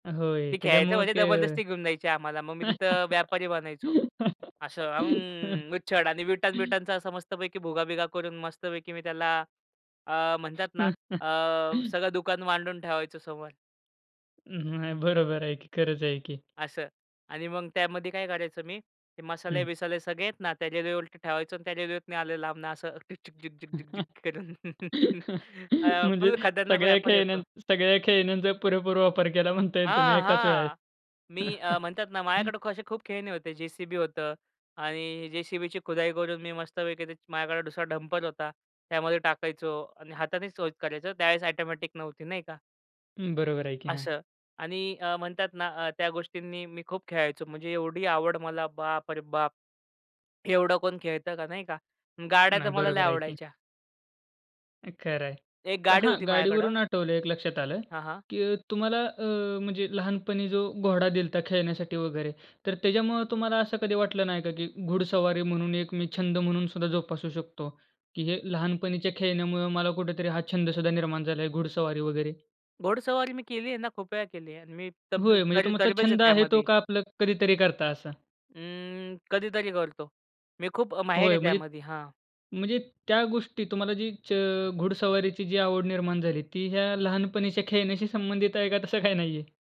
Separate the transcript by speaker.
Speaker 1: होय.
Speaker 2: ती खेळायचं
Speaker 1: त्याच्यामुळं
Speaker 2: म्हणजे
Speaker 1: ते
Speaker 2: जबरदस्ती घेऊन द्यायची आम्हाला, मग मी तिथं व्यापारी बनायचो. असं अं, उच्छड आणि विटा-बिटांचा मस्तपैकी भुगा-बिगा करून मस्तपैकी मी त्याला अ, म्हणतात ना, अ, सगळं दुकान मांडून ठेवायचो समोर.
Speaker 1: नाही बरोबर आहे की. खरंच आहे की.
Speaker 2: असं. आणि मग त्यामध्ये काय काढायचं मी, ते
Speaker 1: हं.
Speaker 2: मसाले-बिसाले सगळे आहेत ना, त्याना उलट ठेवायचं आणि त्या रेल्वेत न आले लांब न असं झिक-झिक झिक-झिक-झिक करून. अ,
Speaker 1: म्हणजे
Speaker 2: फुल खतरनाक
Speaker 1: सगळ्या
Speaker 2: व्यापारी
Speaker 1: खेळण्या
Speaker 2: होतो.
Speaker 1: सगळ्या खेळण्यांचा पुरेपूर वापर केला म्हणता येईल तुम्ही
Speaker 2: हां,
Speaker 1: एकाच वेळेस.
Speaker 2: हां. मी अ, म्हणतात ना, माझ्याकडे क असे खूप खेळणी होते, जेसीबी होतं आणि जेसीबीची खुदाई करून मी मस्तपैकी त्याची माझ्याकडे दुसरा डंपर होता. त्यामध्ये टाकायचो आणि हातानेच [unintelligible] करायचो त्यावेळेस ऑटोमॅटिक नव्हती नाही का.
Speaker 1: हं, बरोबर आहे की. हां.
Speaker 2: असं आणि अ, म्हणतात ना, अ, त्या गोष्टींनी मी खूप खेळायचो म्हणजे एवढी आवड मला बाप रे बाप! एवढं कोण खेळतं का, नाही का. गाड्या तर
Speaker 1: नाही,
Speaker 2: मला लई
Speaker 1: बरोबर आहे की.
Speaker 2: आवडायच्या.
Speaker 1: खरं आहे.
Speaker 2: एक
Speaker 1: पण
Speaker 2: गाडी
Speaker 1: हां,
Speaker 2: होती माझ्याकडं.
Speaker 1: गाडीवरून आठवलं एक लक्षात आलं
Speaker 2: हां, हां.
Speaker 1: की तुम्हाला अ, म्हणजे लहानपणी जो घोडा दिलता खेळण्यासाठी वगैरे, तर त्याच्यामुळं तुम्हाला असं कधी वाटलं नाही का, की घुडसवारी म्हणून एक मी छंद म्हणून सुद्धा जोपासू शकतो की हे लहानपणीच्या खेळण्यामुळं मला कुठेतरी हा छंद सुद्धा निर्माण झाला आहे, घुडसवारी वगैरे?
Speaker 2: घोडसवारी मी केली आहे ना, खुप वेळा केली आहे आणि मी तब
Speaker 1: होय, म्हणजे तुमचा
Speaker 2: तरबेज आहे
Speaker 1: छंद आहे तो,
Speaker 2: त्यामध्ये.
Speaker 1: का आपलं कधीतरी करता असा?
Speaker 2: अं, कधीतरी करतो. मी खूप अ, माहिर
Speaker 1: होय,
Speaker 2: आहे
Speaker 1: म्हणजे
Speaker 2: त्यामध्ये. हां.
Speaker 1: म्हणजे त्या गोष्टी तुम्हाला जी च घुडसवारीची जी आवड निर्माण झाली, ती ह्या लहानपणीच्या खेळण्याशी संबंधित आहे का तसं काही नाहीये?